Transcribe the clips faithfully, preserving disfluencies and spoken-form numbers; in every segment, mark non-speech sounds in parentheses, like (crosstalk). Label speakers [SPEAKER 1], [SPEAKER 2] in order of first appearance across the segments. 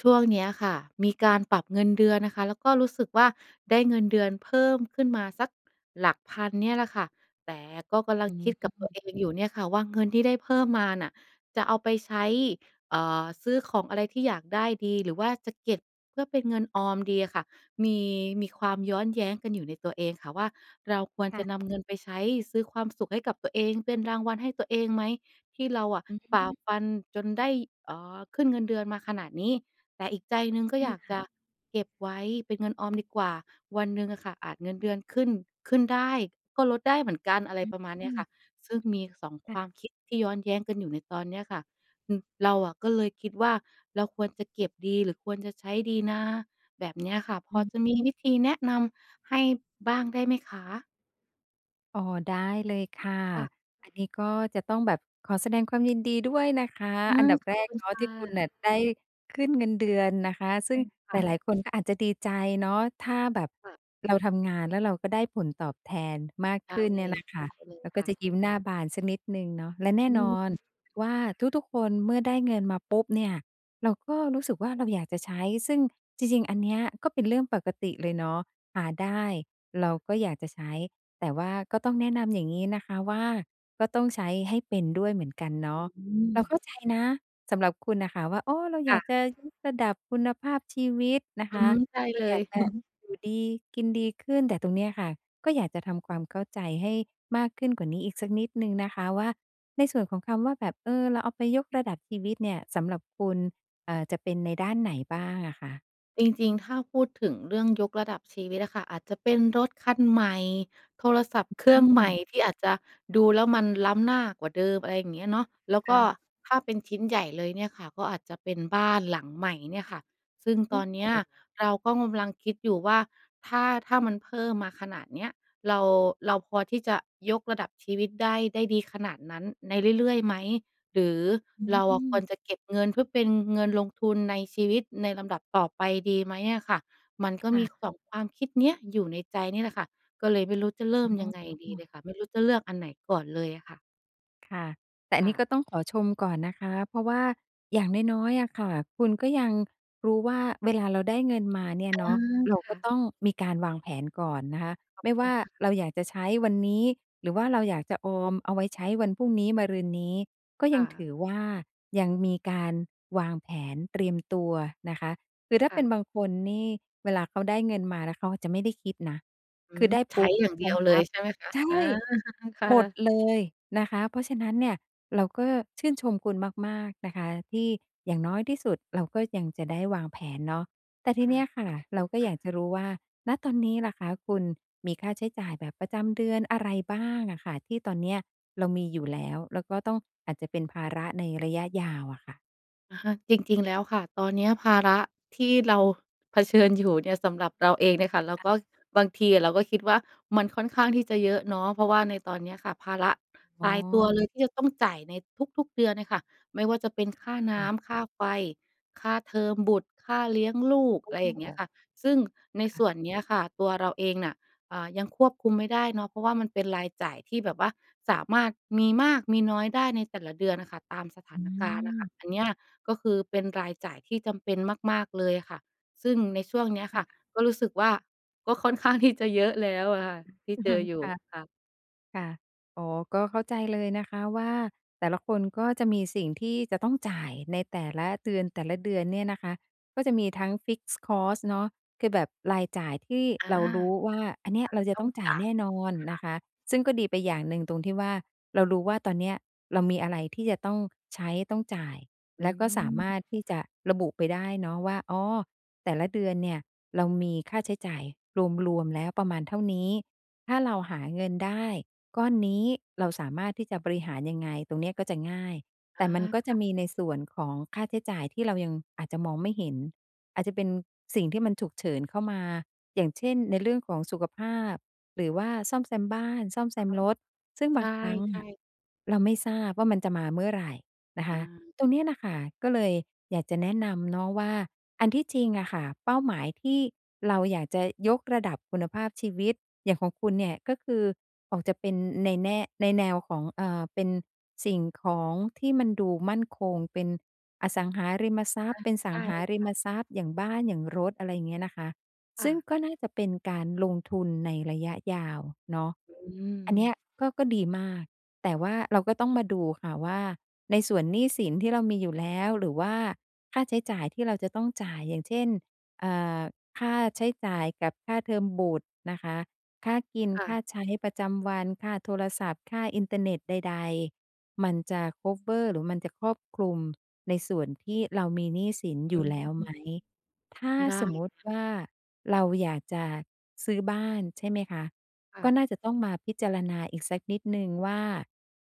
[SPEAKER 1] ช่วงเนี้ยค่ะ มีการปรับเงินเดือนนะคะ แล้วก็รู้สึกว่าได้เงินเดือนเพิ่มขึ้นมาสักหลักพันเนี่ยแหละค่ะ แต่ก็กำลั
[SPEAKER 2] อ
[SPEAKER 1] ง
[SPEAKER 2] ื
[SPEAKER 1] คิดกับตัว
[SPEAKER 2] อ
[SPEAKER 1] เองอยู่เนี่ยค่ะว่า เงินที่ได้เพิ่มมาน่ะ จะเอาไปใช้ เอ่อ ซื้อของอะไรที่อยากได้ดี หรือว่าจะเก็บเพื่อเป็นเงินออมดีอะค่ะ มี มีความย้อนแย้งกันอยู่ในตัวเองค่ะว่า เราควร
[SPEAKER 2] ค
[SPEAKER 1] จ
[SPEAKER 2] ่
[SPEAKER 1] ะ
[SPEAKER 2] ะ
[SPEAKER 1] นำเงิน ไปใช้ซื้อความสุขให้กับตัวเอง เป็นรางวัลให้ตัวเองไหม ที่เราอะ
[SPEAKER 2] อื
[SPEAKER 1] ฝ่า
[SPEAKER 2] อ
[SPEAKER 1] ฟันจนได้ เอ่อ ขึ้นเงินเดือนมาขนาดนี้ แต่อีกใจหนึ่งก็
[SPEAKER 2] ค
[SPEAKER 1] อย
[SPEAKER 2] ่
[SPEAKER 1] ากจ
[SPEAKER 2] ะ
[SPEAKER 1] ะ เก็บไว้เป็นเงินออมดีกว่า วันหนึ่งอะค่ะอาจเงินเดือนขึ้น ขึ้นได้ก็ลดได้เหมือนกัน อะไรประมาณเน
[SPEAKER 2] อื
[SPEAKER 1] ี้ยค่
[SPEAKER 2] อ
[SPEAKER 1] ะ ซึ่งมี สอง
[SPEAKER 2] ค
[SPEAKER 1] ค
[SPEAKER 2] ่
[SPEAKER 1] วา
[SPEAKER 2] ะ
[SPEAKER 1] มคิดที่ย้อนแย้งกันอยู่ในตอนเนี้ยค่ะ ฮ เราอะก็เลยคิดว่า เราควรจะเก็บดี หรือควรจะใช้ดีนะ แบบเนี้ยค่ะ พ
[SPEAKER 2] อ
[SPEAKER 1] อ
[SPEAKER 2] ือ
[SPEAKER 1] จะมี วิธีแนะนำให้บ้างได้ไหมคะ?
[SPEAKER 2] อ๋อ ได้เลยค่ะ
[SPEAKER 1] ค่ะ
[SPEAKER 2] อันนี้ก็จะต้องแบบขอแสดงความยินดีด้วยนะคะ
[SPEAKER 1] อา
[SPEAKER 2] อันดับ
[SPEAKER 1] ข
[SPEAKER 2] แร
[SPEAKER 1] อบค
[SPEAKER 2] ก
[SPEAKER 1] ุณ
[SPEAKER 2] เนา
[SPEAKER 1] ค
[SPEAKER 2] ะท
[SPEAKER 1] ่
[SPEAKER 2] ี่คุณ
[SPEAKER 1] ะ
[SPEAKER 2] น่ะได้ขึ้นเงินเดือนนะคะ ซึ่
[SPEAKER 1] อื
[SPEAKER 2] ง
[SPEAKER 1] อ ค
[SPEAKER 2] ห
[SPEAKER 1] ่ะ
[SPEAKER 2] ลาย ๆ คนก็อาจจะดีใจเนาะ ถ้าแบบ
[SPEAKER 1] ค่ะ
[SPEAKER 2] เราทำงาน แล้วเราก็ได้ผลตอบแทนมาก
[SPEAKER 1] ใช่
[SPEAKER 2] ขึ้นเนี่ยนะคะ
[SPEAKER 1] หายไปเลย
[SPEAKER 2] แล้ว
[SPEAKER 1] ค
[SPEAKER 2] ก็
[SPEAKER 1] ่
[SPEAKER 2] จะ
[SPEAKER 1] ะ
[SPEAKER 2] ยิ้มหน้าบานสักนิดหนึ่งเนาะ และแน่
[SPEAKER 1] อื
[SPEAKER 2] น
[SPEAKER 1] อ
[SPEAKER 2] อนว่าทุก ๆ คนเมื่อได้เงินมาปุ๊บเนี่ย เราก็รู้สึกว่าเราอยากจะใช้ ซึ่งจริง ๆ อันเนี้ยก็เป็นเรื่องปกติเลยเนาะ หาได้เราก็อยากจะใช้ แต่ว่าก็ต้องแนะนำอย่างงี้นะคะว่า ก็ต้องใช้ให้เป็นด้วยเหมือนกันเน
[SPEAKER 1] อ
[SPEAKER 2] าะ
[SPEAKER 1] ื
[SPEAKER 2] เราเ
[SPEAKER 1] อ
[SPEAKER 2] ข้าใจนะสำหรับคุณน่ะค่ะว่า อ้อ เรา
[SPEAKER 1] ค
[SPEAKER 2] อย
[SPEAKER 1] ่
[SPEAKER 2] าก
[SPEAKER 1] ะ
[SPEAKER 2] จะยกระดับคุณภาพชีวิตนะ
[SPEAKER 1] อ
[SPEAKER 2] ค
[SPEAKER 1] ื
[SPEAKER 2] ะ
[SPEAKER 1] อ ใช่
[SPEAKER 2] เร
[SPEAKER 1] เ
[SPEAKER 2] า
[SPEAKER 1] ล
[SPEAKER 2] อยา
[SPEAKER 1] ย
[SPEAKER 2] กจะ
[SPEAKER 1] (chuckles)
[SPEAKER 2] อยู่ดีกินดีขึ้น แต่ตรงเนี้ยค่ะ ก็อยากจะทำความเข้าใจให้มากขึ้นกว่านี้อีกสักนิดหนึ่งนะคะว่า ในส่วนของคำว่า แบบ เออ เราเอาไปยกระดับชีวิตเนี่ย สำหรับคุณ เอ่อ จะเป็นในด้านไหนบ้างอะคะ?
[SPEAKER 1] จริง ๆ ถ้าพูดถึงเรื่องยกระดับชีวิตอะค่ะ อาจจะเป็นรถคันใหม่ โทรศัพท์เครื
[SPEAKER 2] อ
[SPEAKER 1] ่อ
[SPEAKER 2] ื
[SPEAKER 1] งใหม่
[SPEAKER 2] ม
[SPEAKER 1] ที่อาจจะดูแล้วมันล้ำหน้ากว่าเดิม อะไรอย่างเงี้ยเนาะ แล้ว
[SPEAKER 2] ค
[SPEAKER 1] ก
[SPEAKER 2] ่
[SPEAKER 1] ็
[SPEAKER 2] ะ
[SPEAKER 1] ถ้า เป็นชิ้นใหญ่เลยเนี่ยค่ะ ก็อาจจะเป็นบ้านหลังใหม่เนี่ยค่ะ ซึ่ง
[SPEAKER 2] โอ
[SPEAKER 1] ตอ
[SPEAKER 2] ้โ
[SPEAKER 1] นเน
[SPEAKER 2] ฮ!
[SPEAKER 1] ี้ยเราก็กำลังคิดอยู่ว่า "ถ้า ถ้ามันเพิ่มมาขนาดเนี้ย เรา เราพอที่จะยกระดับชีวิตได้ ได้ดีขนาดนั้นในเรื่อย ๆ ไหม หรือ
[SPEAKER 2] อื
[SPEAKER 1] เราอะควร
[SPEAKER 2] ม
[SPEAKER 1] จะเก็บเงิน เพื่อเป็นเงินลงทุนในชีวิตในลำดับต่อไปดีไหมอะค่ะ?" มันก
[SPEAKER 2] ค
[SPEAKER 1] ็
[SPEAKER 2] ่
[SPEAKER 1] มี
[SPEAKER 2] ะ
[SPEAKER 1] สอง ความคิดเนี้ยอยู่ในใจนี่แหละค่ะ ก็เลยไม่รู้จะเริ่ม
[SPEAKER 2] อ๋
[SPEAKER 1] ยังไงดี
[SPEAKER 2] อ
[SPEAKER 1] เลยค่ะ ไม่รู้จะเลือกอันไหนก่อนเลยอะค่ะ?
[SPEAKER 2] ค่ะ แต่อั
[SPEAKER 1] ค
[SPEAKER 2] น
[SPEAKER 1] ่
[SPEAKER 2] นี้
[SPEAKER 1] ะ
[SPEAKER 2] ก็ต้องขอชมก่อนนะคะ เพราะว่าอย่างน้อย ๆ อะค่ะ คุณก็ยังรู้ว่าเวลาเราได้เงินมาเนี่ย
[SPEAKER 1] อา
[SPEAKER 2] เนาะ เรา
[SPEAKER 1] ค
[SPEAKER 2] ก
[SPEAKER 1] ่
[SPEAKER 2] ็
[SPEAKER 1] ะ
[SPEAKER 2] ต้องมีการวางแผนก่อนนะคะ
[SPEAKER 1] ขอ
[SPEAKER 2] ไ
[SPEAKER 1] บ
[SPEAKER 2] ม่
[SPEAKER 1] คุ
[SPEAKER 2] ว่
[SPEAKER 1] ณ
[SPEAKER 2] า
[SPEAKER 1] ค่ะ
[SPEAKER 2] เราอยากจะใช้วันนี้ หรือว่าเราอยากจะออมเอาไว้ใช้วันพรุ่งนี้ มะรืนนี้ ก็
[SPEAKER 1] ค
[SPEAKER 2] ย
[SPEAKER 1] ่
[SPEAKER 2] ังถ
[SPEAKER 1] ะ
[SPEAKER 2] ือว่า ยังมีการวางแผนเตรียมตัวนะคะ คือถ้า
[SPEAKER 1] ค่
[SPEAKER 2] เป็น
[SPEAKER 1] ะ
[SPEAKER 2] บางคนนี่เวลาเขาได้เงินมา แล้วเขาอาจจะไม่ได้คิดนะ
[SPEAKER 1] อื
[SPEAKER 2] คื
[SPEAKER 1] ม
[SPEAKER 2] อได้
[SPEAKER 1] ใช
[SPEAKER 2] ป
[SPEAKER 1] ้
[SPEAKER 2] ุ๊บ
[SPEAKER 1] อย่าง
[SPEAKER 2] ใ
[SPEAKER 1] เ
[SPEAKER 2] ช
[SPEAKER 1] ดี
[SPEAKER 2] ้
[SPEAKER 1] ยวเล
[SPEAKER 2] ป
[SPEAKER 1] ย
[SPEAKER 2] ั๊บ
[SPEAKER 1] ใช่ไหมคะ?
[SPEAKER 2] ใช่!
[SPEAKER 1] อา (chuckles) ค่
[SPEAKER 2] หมด
[SPEAKER 1] ะ
[SPEAKER 2] เลยนะคะ เพราะฉะนั้นเนี่ย เราก็ชื่นชมคุณมาก ๆ นะคะ ที่อย่างน้อยที่สุดเราก็ยังจะได้วางแผนเนาะ แต่ท
[SPEAKER 1] ค
[SPEAKER 2] ี
[SPEAKER 1] ่
[SPEAKER 2] เน
[SPEAKER 1] ะ
[SPEAKER 2] ี้ย
[SPEAKER 1] ข
[SPEAKER 2] ค
[SPEAKER 1] อบค
[SPEAKER 2] ่ะ เร
[SPEAKER 1] ุ
[SPEAKER 2] า
[SPEAKER 1] ณ
[SPEAKER 2] ก็
[SPEAKER 1] ค่
[SPEAKER 2] อยากจ
[SPEAKER 1] ะ
[SPEAKER 2] ะรู้ว่า ณ ตอนนี้ล่ะคะ คุณมีค่าใช้จ่ายแบบประจำเดือนอะไรบ้างอะค่ะ ที่ตอนเนี้ยเรามีอยู่แล้ว แล้วก็ต้องอาจจะเป็นภาระในระยะยาวอะค่ะ?
[SPEAKER 1] อะฮะ จริง ๆ แล้วค่ะ ตอนเนี้ยภาระที่เราเผชิญอยู่เนี่ย สำหรับเราเองเนี่ยค่ะ แล้
[SPEAKER 2] ค
[SPEAKER 1] ว
[SPEAKER 2] ่ะ
[SPEAKER 1] ก็บางทีอะเราก็คิดว่า มันค่อนข้างที่จะเยอะเนาะ เพราะว่าในตอนเนี้ยค่ะ ภาระ
[SPEAKER 2] อ๋
[SPEAKER 1] ตายตัว
[SPEAKER 2] อ
[SPEAKER 1] เลยที่จะต้องจ่ายในทุก ๆ เดือนเนี่ยค่ะ ไม่ว่าจะเป็นค่าน
[SPEAKER 2] ค่
[SPEAKER 1] ้
[SPEAKER 2] ะ
[SPEAKER 1] ำ ค่าไฟ ค่าเทอมบุตร ค่าเลี้ยงลูก
[SPEAKER 2] เข
[SPEAKER 1] อ
[SPEAKER 2] า
[SPEAKER 1] ะไร
[SPEAKER 2] พ
[SPEAKER 1] อ
[SPEAKER 2] ึ
[SPEAKER 1] ย
[SPEAKER 2] ่
[SPEAKER 1] ่
[SPEAKER 2] ง
[SPEAKER 1] างเง
[SPEAKER 2] อ
[SPEAKER 1] ี้
[SPEAKER 2] อ
[SPEAKER 1] ย
[SPEAKER 2] ก
[SPEAKER 1] ค่ะ ซึ่งใน
[SPEAKER 2] ค่
[SPEAKER 1] ส
[SPEAKER 2] ะ
[SPEAKER 1] ่วนเนี้ยค่ะ ตัวเราเองน่ะ อ่า ยังควบคุมไม่ได้เนาะ เพราะว่ามันเป็นรายจ่ายที่แบบว่าสามารถมีมากมีน้อยได้ในแต่ละเดือนค่ะ ตามสถา
[SPEAKER 2] อ
[SPEAKER 1] นการณ์อะค่
[SPEAKER 2] ืม
[SPEAKER 1] ะ อันเนี้ย ก็คือเป็นรายจ่ายที่จำเป็นมาก ๆ เลยค่ะ ซึ่งในช่วงเนี้ย
[SPEAKER 2] ค
[SPEAKER 1] ค
[SPEAKER 2] ่
[SPEAKER 1] ่ะ
[SPEAKER 2] ะ
[SPEAKER 1] ก็รู้สึกว่า ก็ค่อนข้างที่จะเยอะแล้วอะค่ะ ที่
[SPEAKER 2] อือ
[SPEAKER 1] เจ
[SPEAKER 2] ฮึ
[SPEAKER 1] ออยู
[SPEAKER 2] ค
[SPEAKER 1] ่
[SPEAKER 2] ่ะ
[SPEAKER 1] ค่ะ
[SPEAKER 2] ค่ะ อ๋อ ก็เข้าใจเลยนะคะว่า แต่ละคนก็จะมีสิ่งที่จะต้องจ่ายในแต่ละเดือน แต่ละเดือนเนี่ยนะคะ ก็จะมีทั้ง fixed cost เนาะ คือแบบรายจ่ายที่
[SPEAKER 1] อา
[SPEAKER 2] เรารู้ว่า อันเนี้
[SPEAKER 1] อ
[SPEAKER 2] ย
[SPEAKER 1] ะไ
[SPEAKER 2] เ
[SPEAKER 1] ร
[SPEAKER 2] ราจะ
[SPEAKER 1] ต้
[SPEAKER 2] ต
[SPEAKER 1] อ
[SPEAKER 2] ้
[SPEAKER 1] ง
[SPEAKER 2] องจ่า
[SPEAKER 1] จ
[SPEAKER 2] ย
[SPEAKER 1] ่า
[SPEAKER 2] แน
[SPEAKER 1] ย
[SPEAKER 2] ่นอน
[SPEAKER 1] ค
[SPEAKER 2] น
[SPEAKER 1] ่
[SPEAKER 2] ะ
[SPEAKER 1] ะ
[SPEAKER 2] คะ ซึ่งก็ดีไปอย่างหนึ่งตรงที่ว่า เรารู้ว่าตอนเนี้ยเรามีอะไรที่จะต้องใช้ต้องจ่าย
[SPEAKER 1] อื
[SPEAKER 2] แล้วก็สามา
[SPEAKER 1] ม
[SPEAKER 2] รถที่จะระบุไปได้เนาะว่า อ๋อ แต่ละเดือนเนี่ยเรามีค่าใช้จ่ายรวม ๆ แล้ว ประมาณเท่านี้ ถ้าเราหาเงินได้ก้อนนี้ เราสามารถที่จะบริหารยังไง ตรงเนี้ยก็จะง่าย
[SPEAKER 1] อ
[SPEAKER 2] แต่
[SPEAKER 1] า
[SPEAKER 2] มันก็
[SPEAKER 1] ค
[SPEAKER 2] จะ
[SPEAKER 1] ่ะ
[SPEAKER 2] มีในส่วนของค่าใช้จ่ายที่เรายังอาจจะมองไม่เห็น อาจจะเป็นสิ่งที่มันฉุกเฉินเข้ามา อย่างเช่น ในเรื่องของสุขภาพหรือว่าซ่อมแซมบ้าน ซ่อมแซ
[SPEAKER 1] อะ
[SPEAKER 2] ม
[SPEAKER 1] ฮะ
[SPEAKER 2] รถ ซึ่ง
[SPEAKER 1] ใ
[SPEAKER 2] บางครั้ง
[SPEAKER 1] ช
[SPEAKER 2] อ
[SPEAKER 1] ่
[SPEAKER 2] ะ
[SPEAKER 1] ๆ
[SPEAKER 2] เราไม่ทราบว่ามันจะมาเมื่อไหร่นะค
[SPEAKER 1] อ
[SPEAKER 2] ะ
[SPEAKER 1] า
[SPEAKER 2] ตรงเนี้ยน่ะค่ะ ก็เลยอยากจะแนะนำเนาะว่า อันที่จริงอะค่ะ เป้าหมายที่เราอยากจะยกระดับคุณภาพชีวิต อย่างของคุณเนี่ย ก็คือ ออกจะเป็นในแน่ ในแนวของ เออ เป็นสิ่งของที่มันดูมั่นคง เป็นอสังหาริมทรั
[SPEAKER 1] อ
[SPEAKER 2] พย
[SPEAKER 1] ะ
[SPEAKER 2] ์ เป็นส
[SPEAKER 1] ใช
[SPEAKER 2] ั
[SPEAKER 1] ่
[SPEAKER 2] งหาร
[SPEAKER 1] ค
[SPEAKER 2] ิ
[SPEAKER 1] ่ะ
[SPEAKER 2] มทรัพย์ อย่างบ้าน อย่างรถ อะไรอย่างเงี้ยนะคะ
[SPEAKER 1] ค
[SPEAKER 2] ซ
[SPEAKER 1] ่
[SPEAKER 2] ึ่ง
[SPEAKER 1] ะ
[SPEAKER 2] ก็น่าจะเป็นการลงทุนในระยะยาวเนาะ
[SPEAKER 1] อื
[SPEAKER 2] อันเนี
[SPEAKER 1] ม
[SPEAKER 2] ้ย ก็ ก็ดีมาก แต่ว่าเราก็ต้องมาดูค่ะว่า ในส่วนหนี้สินที่เรามีอยู่แล้ว หรือว่าค่าใช้จ่ายที่เราจะต้องจ่าย อย่างเช่น เออ ค่าใช้จ่ายกับค่าเทอมบุตรนะคะ ค่ากิน
[SPEAKER 1] ค่
[SPEAKER 2] ค่
[SPEAKER 1] ะ
[SPEAKER 2] าใช้ประจำวัน ค่าโทรศัพท์ ค่าอินเทอร์เน็ตใด ๆ มันจะ คัฟเวอร์ หรือมันจะครอบคลุม ในส่วนที่เรามีหนี้สินอ
[SPEAKER 1] อ
[SPEAKER 2] ยู
[SPEAKER 1] ื
[SPEAKER 2] ่แล้วไห
[SPEAKER 1] ม
[SPEAKER 2] ม ถ้า
[SPEAKER 1] ได้
[SPEAKER 2] สมมติ
[SPEAKER 1] ค่ะ
[SPEAKER 2] ว่าเราอยากจะซื้อบ้าน ใช่ไหมคะ
[SPEAKER 1] ค่
[SPEAKER 2] ก็
[SPEAKER 1] ะ
[SPEAKER 2] น่าจะต้องมาพิจารณาอีกสักนิดหนึ่งว่า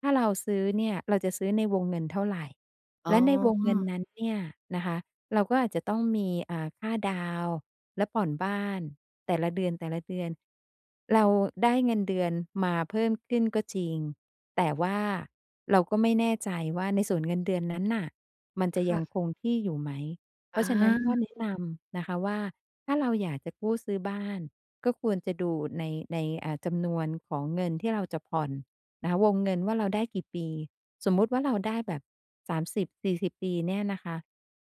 [SPEAKER 2] ถ้าเราซื้อเนี่ย เราจะซื้อในวงเงินเท่าไร
[SPEAKER 1] อ๋
[SPEAKER 2] แล
[SPEAKER 1] อ
[SPEAKER 2] ะในวงเงินนั้นเนี่ยนะคะ เราก็อาจจะต้องมี อ่า ค่าดาวน์แล้วผ่อนบ้านแต่ละเดือน แต่ละเดือน เราได้เงินเดือนมาเพิ่มขึ้นก็จริง แต่ว่าเราก็ไม่แน่ใจว่าในส่วนเงินเดือนนั้นน่ะ มันจะ
[SPEAKER 1] ค
[SPEAKER 2] ย
[SPEAKER 1] ่
[SPEAKER 2] ัง
[SPEAKER 1] ะ
[SPEAKER 2] คงที่อยู่ไหม เพร
[SPEAKER 1] อ
[SPEAKER 2] าะฉะนั้นก็
[SPEAKER 1] า
[SPEAKER 2] แนะนำนะคะว่า ถ้าเราอยากจะกู้ซื้อบ้าน ก็ควรจะดูใน ใน อ่า จำนวนของเงินที่เราจะผ่อนนะคะ วงเงินว่าเราได้กี่ปี สมมุติว่าเราได้แบบ สามสิบสี่สิบ ปีเนี่ยนะคะ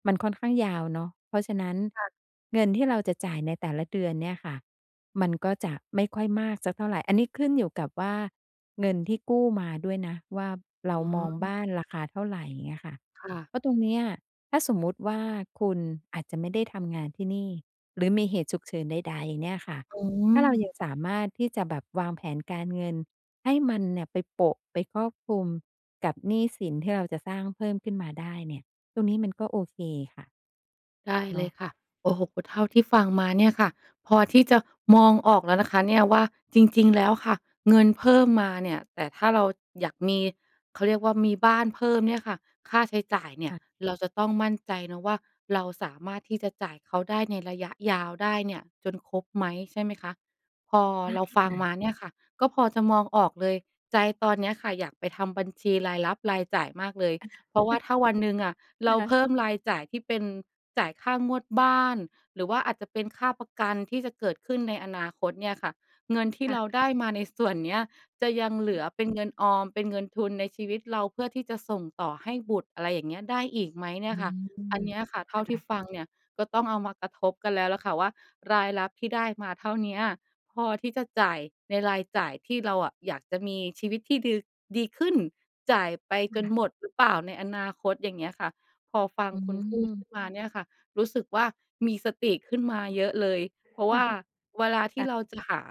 [SPEAKER 2] มันค่อนข้างยาวเนาะ เพราะฉะนั้น
[SPEAKER 1] ค่ะ
[SPEAKER 2] เงินที่เราจะจ่ายในแต่ละเดือนเนี่ยค่ะ มันก็จะไม่ค่อยมากสักเท่าไร อันนี้ขึ้นอยู่กับว่าเงินที่กู้มาด้วยนะว่า เรา
[SPEAKER 1] อ๋
[SPEAKER 2] มอง
[SPEAKER 1] อ
[SPEAKER 2] บ้านราคาเท่าไร เงี้ยค่ะ
[SPEAKER 1] ค่ะ
[SPEAKER 2] เพราะตรงเนี้ย ถ้าสมมติว่าคุณอาจจะไม่ได้ทำงานที่นี่ หรือมีเหตุฉุกเฉินใด ๆ เนี่ยค่ะ
[SPEAKER 1] โอ้
[SPEAKER 2] ถ้าเรายังสามารถที่จะแบบวางแผนการเงินให้มันเนี่ยไปโปะ ไปครอบคลุมกับหนี้สินที่เราจะสร้างเพิ่มขึ้นมาได้เนี่ย ตรงนี้มันก็โอเคค่ะ
[SPEAKER 1] ได้
[SPEAKER 2] เน
[SPEAKER 1] เล
[SPEAKER 2] าะ
[SPEAKER 1] ยค่ะ โอ้โฮ เท่าที่ฟังมาเนี่ยค่ะ พอที่จะมองออกแล้วนะคะเนี่ยว่า จริง ๆ แล้วค่ะ เงินเพิ่มมาเนี่ย แต่ถ้าเราอยากมี เขาเรียกว่า มีบ้านเพิ่มเนี่ยค่ะ ค่าใช้จ่ายเนี่
[SPEAKER 2] ค
[SPEAKER 1] ย
[SPEAKER 2] ่ะ
[SPEAKER 1] เราจะต้องมั่นใจนะว่า เราสามารถที่จะจ่ายเขาได้ในระยะยาวได้เนี่ยจนครบไหม ใช่ไหมคะ พอ
[SPEAKER 2] ได้
[SPEAKER 1] เราฟั
[SPEAKER 2] ค
[SPEAKER 1] ง
[SPEAKER 2] ่ะ
[SPEAKER 1] มาเนี่ยค่ะ ก็พอจะมองออกเลย ใจตอนเนี้ยค่ะ อยากไปทำบัญชีรายรับรายจ่ายมากเลย
[SPEAKER 2] ค่ะ
[SPEAKER 1] เพราะว่า
[SPEAKER 2] (chuckles)
[SPEAKER 1] ถ้าวันหนึ่งอะเร
[SPEAKER 2] ค
[SPEAKER 1] า
[SPEAKER 2] ่
[SPEAKER 1] เพ
[SPEAKER 2] ะ
[SPEAKER 1] ิ่มรายจ่ายที่เป็นจ่ายค่างวดบ้าน หรือว่าอาจจะเป็นค่าประกันที่จะเกิดขึ้นในอนาคตเนี่ยค่ะ เงินที่
[SPEAKER 2] ค
[SPEAKER 1] เรา
[SPEAKER 2] ่ะ
[SPEAKER 1] ได้มาในส่วนเนี้ยจะยังเหลือเป็นเงินออม เป็นเงินทุนในชีวิตเรา เพื่อที่จะส่งต่อให้บุตร อะไรอย่างเงี้ย ได้อีกไหมเนี่
[SPEAKER 2] อื
[SPEAKER 1] ยค่ะ อั
[SPEAKER 2] ม
[SPEAKER 1] นเนี้ยค่ะ เท
[SPEAKER 2] ค
[SPEAKER 1] ่า
[SPEAKER 2] ่
[SPEAKER 1] ที่
[SPEAKER 2] ะ
[SPEAKER 1] ฟังเนี่ยก็ต้องเอามากระทบกันแล้วล่ะค่ะว่า รายรับที่ได้มาเท่าเนี้ยพอที่จะจ่ายในรายจ่ายที่เราอะอยากจะมีชีวิตที่ ดือ ดีขึ้น จ่ายไป
[SPEAKER 2] ค
[SPEAKER 1] จน
[SPEAKER 2] ่ะ
[SPEAKER 1] หมดหรือเปล่าในอนาคต อย่างเงี้ยค่ะ พอฟัง
[SPEAKER 2] อื
[SPEAKER 1] คุณพูดขึ
[SPEAKER 2] ม
[SPEAKER 1] ้นมาเนี่ยค่ะ รู้สึกว่ามีสติขึ้นมาเยอะเลย เพราะว่า
[SPEAKER 2] (chuckles)
[SPEAKER 1] เวลาท
[SPEAKER 2] ค
[SPEAKER 1] ี่
[SPEAKER 2] ่ะ
[SPEAKER 1] เราจะหา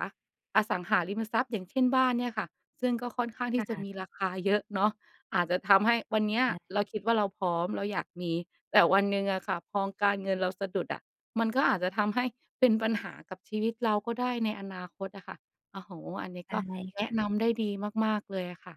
[SPEAKER 1] อสังหาริมทรัพย์ อย่างเช่น บ้านเนี่ยค่ะ ซึ่งก็ค่อนข้างท
[SPEAKER 2] ค
[SPEAKER 1] ี
[SPEAKER 2] ่
[SPEAKER 1] ่จะ
[SPEAKER 2] ะ
[SPEAKER 1] มีราคาเยอะเนาะ อาจจะทำให้วันเนี้
[SPEAKER 2] ไ
[SPEAKER 1] ย
[SPEAKER 2] ด้
[SPEAKER 1] เราคิดว่า เราพร้อม เราอยากมี แต่วันหนึ่งอะค่ะ พอการเงินเราสะดุดอะ มันก็อาจจะทำให้เป็นปัญหากับชีวิตเราก็ได้ในอนาคตอะค่ะ โอ้โฮ อันนี้
[SPEAKER 2] ได้
[SPEAKER 1] ก็แนะ
[SPEAKER 2] ค่ะ
[SPEAKER 1] นำได้ดีมาก ๆ เลยอะค่ะ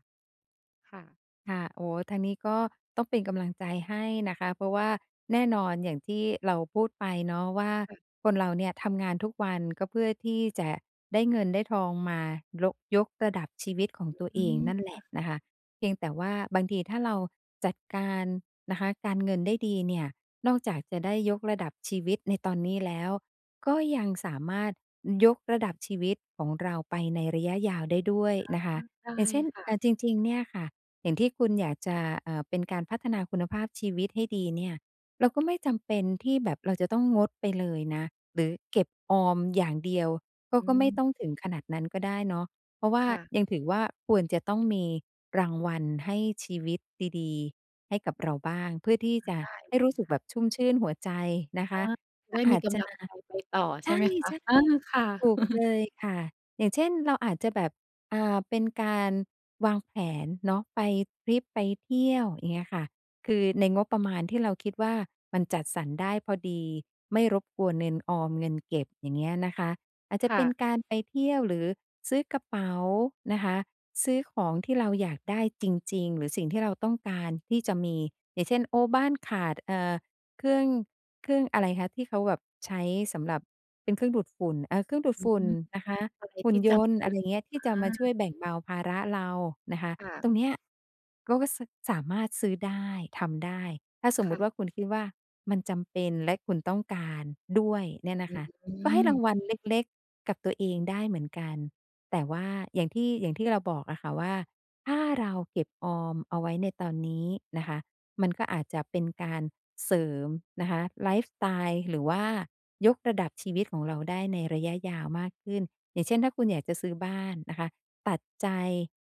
[SPEAKER 1] ค่ะ
[SPEAKER 2] ค่ะ อ๋อ ทางนี้ก็ ต้องเป็นกำลังใจให้นะคะ เพราะว่าแน่นอนอย่างที่เราพูดไปเนาะ ว่า
[SPEAKER 1] ค่ะ
[SPEAKER 2] คนเราเนี่ย ทำงานทุกวันก็เพื่อที่จะได้เงินได้ทองมา โละ ยกระดับชีวิตของตัว
[SPEAKER 1] อ
[SPEAKER 2] เ
[SPEAKER 1] ื
[SPEAKER 2] อ
[SPEAKER 1] อ
[SPEAKER 2] ง
[SPEAKER 1] ฮึ
[SPEAKER 2] นั่นแหล
[SPEAKER 1] ค่
[SPEAKER 2] ะ
[SPEAKER 1] ะ
[SPEAKER 2] นะคะ เพียงแต่ว่าบางที ถ้าเราจัดการนะคะ การเงินได้ดีเนี่ย นอกจากจะได้ยกระดับชีวิตในตอนนี้แล้ว ก็ยังสามารถยกระดับชีวิตของเราไปในระยะยาวได้ด้วย
[SPEAKER 1] ค่ะ
[SPEAKER 2] นะคะ
[SPEAKER 1] ได
[SPEAKER 2] อย
[SPEAKER 1] ้
[SPEAKER 2] ่างเช่น
[SPEAKER 1] ค่
[SPEAKER 2] เ
[SPEAKER 1] ะ
[SPEAKER 2] ออ จริง ๆ เนี่ยค่ะ อย่างที่คุณอยากจะ เออ เป็นการพัฒนาคุณภาพชีวิตให้ดีเนี่ย เราก็ไม่จำเป็นที่แบบ เราจะต้องงดไปเลยนะ หรือเก็บออมอย่างเดียว ก็
[SPEAKER 1] อ
[SPEAKER 2] ก็ไม่
[SPEAKER 1] ืม
[SPEAKER 2] ต้องถึงขนาดนั้นก็ได้เนาะ เพราะว่า
[SPEAKER 1] ค่ะ
[SPEAKER 2] ยังถือว่า ควรจะต้องมีรางวัลให้ชีวิตดี ๆ ให้กับเราบ้าง เพื่อที่
[SPEAKER 1] ได
[SPEAKER 2] จะ
[SPEAKER 1] ้
[SPEAKER 2] ให้
[SPEAKER 1] เล
[SPEAKER 2] รู
[SPEAKER 1] ย
[SPEAKER 2] ้สึก
[SPEAKER 1] ค่
[SPEAKER 2] แบ
[SPEAKER 1] ะ
[SPEAKER 2] บชุ่มชื่นหัวใจนะค
[SPEAKER 1] อา
[SPEAKER 2] ะ ก
[SPEAKER 1] ไ
[SPEAKER 2] ็
[SPEAKER 1] ด้
[SPEAKER 2] อ
[SPEAKER 1] มี
[SPEAKER 2] าจ
[SPEAKER 1] ก
[SPEAKER 2] จ
[SPEAKER 1] ำ
[SPEAKER 2] ะ
[SPEAKER 1] ลังใจไปต่อใ
[SPEAKER 2] ใ
[SPEAKER 1] ช่ไหมคะ?
[SPEAKER 2] ช่
[SPEAKER 1] เออ ค่ะ
[SPEAKER 2] ๆ ถูกเ
[SPEAKER 1] (chuckles)
[SPEAKER 2] ลยค่ะ อย่างเช่น เราอาจจะแบบ อ่า เป็นการวางแผนเนาะ ไปทริป ไปเที่ยว อย่างเงี้ยค่ะ คือในงบประมาณที่เราคิดว่า มันจัดสรรได้พอดี ไม่รบกวนเงินออม เงินเก็บ อย่างเงี้ยนะคะ อาจจ
[SPEAKER 1] ค
[SPEAKER 2] ะ
[SPEAKER 1] ่
[SPEAKER 2] เป็
[SPEAKER 1] ะ
[SPEAKER 2] นการไปเที่ยว หรือซื้อกระเป๋านะคะ ซื้อของที่เราอยากได้จริง ๆ หรือสิ่งที่เราต้องการที่จะมี อย่างเช่น โอ้ บ้านขาด เออ เครื่อง เครื่องอะไรคะ? ที่เขาแบบใช้สำหรับเป็นเครื่องดูดฝุ่น เออ เครื่องดูด
[SPEAKER 1] อื
[SPEAKER 2] ฝ
[SPEAKER 1] อ
[SPEAKER 2] ุ
[SPEAKER 1] ฮ
[SPEAKER 2] ่
[SPEAKER 1] ึ
[SPEAKER 2] นนะคะ
[SPEAKER 1] อะไร
[SPEAKER 2] หุ
[SPEAKER 1] ท
[SPEAKER 2] ่
[SPEAKER 1] ี
[SPEAKER 2] น
[SPEAKER 1] ่
[SPEAKER 2] ย
[SPEAKER 1] จ
[SPEAKER 2] น
[SPEAKER 1] ำ
[SPEAKER 2] ต
[SPEAKER 1] เ
[SPEAKER 2] ์
[SPEAKER 1] ป็
[SPEAKER 2] อะ
[SPEAKER 1] น
[SPEAKER 2] ไรอย่างเงี้ย ที
[SPEAKER 1] อ
[SPEAKER 2] ่จะม
[SPEAKER 1] า
[SPEAKER 2] าช่วยแบ่งเบาภาระเรานะคะ
[SPEAKER 1] ค่ะ
[SPEAKER 2] ตรงเนี้ย รู้สึกสามารถซื้อได้ ทำได้ ถ้าส
[SPEAKER 1] ค
[SPEAKER 2] มม
[SPEAKER 1] ่
[SPEAKER 2] ติ
[SPEAKER 1] ะ
[SPEAKER 2] ว่า คุณคิดว่ามันจำเป็น และคุณต้องการด้วยเนี่ยน
[SPEAKER 1] อ
[SPEAKER 2] ะ
[SPEAKER 1] ื
[SPEAKER 2] ค
[SPEAKER 1] อ
[SPEAKER 2] ะ
[SPEAKER 1] อื
[SPEAKER 2] ก็ให้ร
[SPEAKER 1] ม
[SPEAKER 2] างวัลเล็ก ๆ กับตัวเองได้เหมือนกัน แต่ว่า อย่างที่ อย่างที่เราบอกอะค่ะ ว่าถ้าเราเก็บออมเอาไว้ในตอนนี้นะคะ มันก็อาจจะเป็นการเสริมนะคะ ไลฟ์สไตล์ หรือว่ายกระดับชีวิตของเราได้ในระยะยาวมากขึ้น อย่างเช่น ถ้าคุณอยากจะซื้อบ้านนะคะ ตัดใจ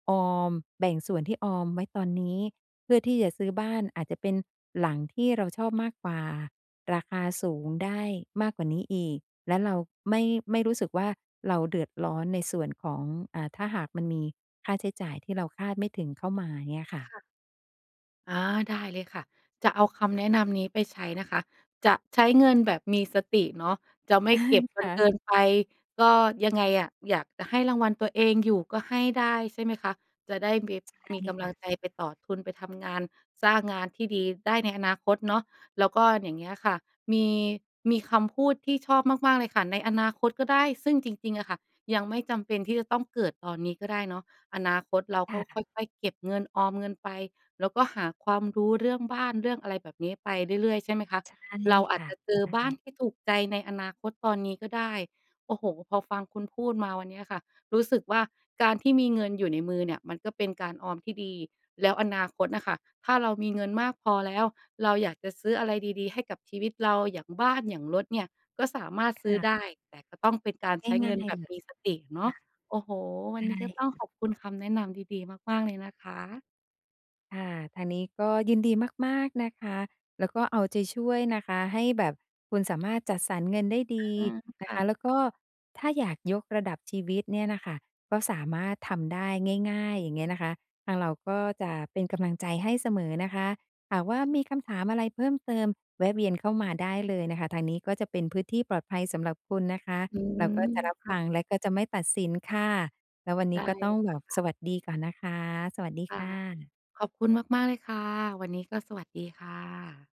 [SPEAKER 2] ออม แบ่งส่วนที่ออมไว้ตอนนี้ เพื่อที่จะซื้อบ้าน อาจจะเป็นหลังที่เราชอบมากกว่า ราคาสูงได้มากกว่านี้อีก และเราไม่ ไม่รู้สึกว่า เราเดือดร้อนในส่วนของ อ่า ถ้าหากมันมีค่าใช้จ่ายที่เราคาดไม่ถึงเข้ามาอย่างเงี้ยค่
[SPEAKER 1] ค
[SPEAKER 2] ะ
[SPEAKER 1] ่ะ อา ได้เลยค่ะ จะเอาคำแนะนำนี้ไปใช้นะคะ จะใช้เงินแบบมีสติเนาะ จะไม่
[SPEAKER 2] อา
[SPEAKER 1] เก็บจ
[SPEAKER 2] ค
[SPEAKER 1] น
[SPEAKER 2] ่
[SPEAKER 1] เ
[SPEAKER 2] ะ
[SPEAKER 1] กินไป ก็ยังไงอะ อยากจะให้รางวัลตัวเองอยู่ก็ให้ได้ ใช่ไหมคะ จะได้ มี
[SPEAKER 2] ใช่
[SPEAKER 1] มีก
[SPEAKER 2] ค
[SPEAKER 1] ำลั
[SPEAKER 2] ่
[SPEAKER 1] ง
[SPEAKER 2] ะ
[SPEAKER 1] ใจไปต่อทุน ไปทำงานสร้างงานที่ดีได้ในอนาคตเนาะ แล้วก็อย่างเงี้ยค่ะ มี มีคำพูดที่ชอบมาก ๆ เลยค่ะ ในอนาคตก็ได้ ซึ่งจริง ๆ อะค่ะ ยังไม่จำเป็นที่จะต้องเกิดตอนนี้ก็ได้เนาะ อนาคตเรา
[SPEAKER 2] ค
[SPEAKER 1] ก็
[SPEAKER 2] ่
[SPEAKER 1] ค
[SPEAKER 2] ะ
[SPEAKER 1] ่อย ๆ เก็บเงิน ออมเงินไป แล้วก็หาความรู้เรื่องบ้านเรื่องอะไรแบบนี้ไปเรื่อย ๆ ใช่ไหมคะ
[SPEAKER 2] ใช่
[SPEAKER 1] เราอ
[SPEAKER 2] ค
[SPEAKER 1] าจ
[SPEAKER 2] ่ะ
[SPEAKER 1] จะเจอ
[SPEAKER 2] ใช
[SPEAKER 1] บ้า
[SPEAKER 2] ่
[SPEAKER 1] นที่ถูกใจในอนาคตตอนนี้ก็ได้ โอ้โฮ พอฟังคุณพูดมาวันเนี้ยค่ะ รู้สึกว่าการที่มีเงินอยู่ในมือเนี่ย มันก็เป็นการออมที่ดี แล้วอนาคตน่ะค่ะ ถ้าเรามีเงินมากพอแล้ว เราอยากจะซื้ออะไรดี ๆ ให้กับชีวิตเรา อย่างบ้าน อย่างรถเนี่ย ก็สามารถ
[SPEAKER 2] ค
[SPEAKER 1] ซื้อ
[SPEAKER 2] ่ะ
[SPEAKER 1] ได้ แต่ก็ต้องเป็นการใช้
[SPEAKER 2] ง
[SPEAKER 1] เง
[SPEAKER 2] ่
[SPEAKER 1] ิน
[SPEAKER 2] า
[SPEAKER 1] แ
[SPEAKER 2] ย
[SPEAKER 1] บ
[SPEAKER 2] ๆ
[SPEAKER 1] บ
[SPEAKER 2] เล
[SPEAKER 1] ม
[SPEAKER 2] ย
[SPEAKER 1] ีสติเนา
[SPEAKER 2] ค
[SPEAKER 1] ะ
[SPEAKER 2] ่ะ
[SPEAKER 1] โอ้โฮ ว
[SPEAKER 2] ใช
[SPEAKER 1] ัน
[SPEAKER 2] ่
[SPEAKER 1] นี้ก็ต้อง
[SPEAKER 2] ค่
[SPEAKER 1] ข
[SPEAKER 2] ะ
[SPEAKER 1] อบคุณคำแนะนำดี ๆ มาก ๆ เลยนะคะ
[SPEAKER 2] ค่ะ ทางนี้ก็ยินดีมาก ๆ นะคะ แล้วก็เอาใจช่วยนะคะให้แบบคุณสามารถจัดสรรเงินได้ดี
[SPEAKER 1] อืม
[SPEAKER 2] น
[SPEAKER 1] ค
[SPEAKER 2] ะ
[SPEAKER 1] ่
[SPEAKER 2] คะ
[SPEAKER 1] ะ
[SPEAKER 2] แล้วก็ถ้าอยากยกระดับชีวิตเนี่ยน่ะค่ะ ก็สามารถทำได้ง่าย ๆ อย่างเงี้ยนะคะ ทางเราก็จะเป็นกำลังใจให้เสมอนะคะ หากว่ามีคำถามอะไรเพิ่มเติม แวะเวียนเข้ามาได้เลยนะคะ ทางนี้ก็จะเป็นพื้นที่ปลอดภัยสำหรับคุณนะคะ
[SPEAKER 1] อื
[SPEAKER 2] เ
[SPEAKER 1] ม
[SPEAKER 2] ราก็จะรับ
[SPEAKER 1] ค่
[SPEAKER 2] ฟ
[SPEAKER 1] ะ
[SPEAKER 2] ัง แล้วก็จะไม่ตัดสินค่ะ แล้ววัน
[SPEAKER 1] ไ
[SPEAKER 2] น
[SPEAKER 1] ด
[SPEAKER 2] ี้
[SPEAKER 1] ้
[SPEAKER 2] ก็
[SPEAKER 1] เ
[SPEAKER 2] ต้องแบ
[SPEAKER 1] ลย
[SPEAKER 2] บ
[SPEAKER 1] ค่
[SPEAKER 2] ส
[SPEAKER 1] ะ
[SPEAKER 2] วัสดีก่อนนะคะ สวัสดี
[SPEAKER 1] ค่
[SPEAKER 2] ค
[SPEAKER 1] ะ
[SPEAKER 2] ่ะ
[SPEAKER 1] ขอบคุณมาก ๆ เลยค่ะ วันนี้ก็สวัสดีค่ะ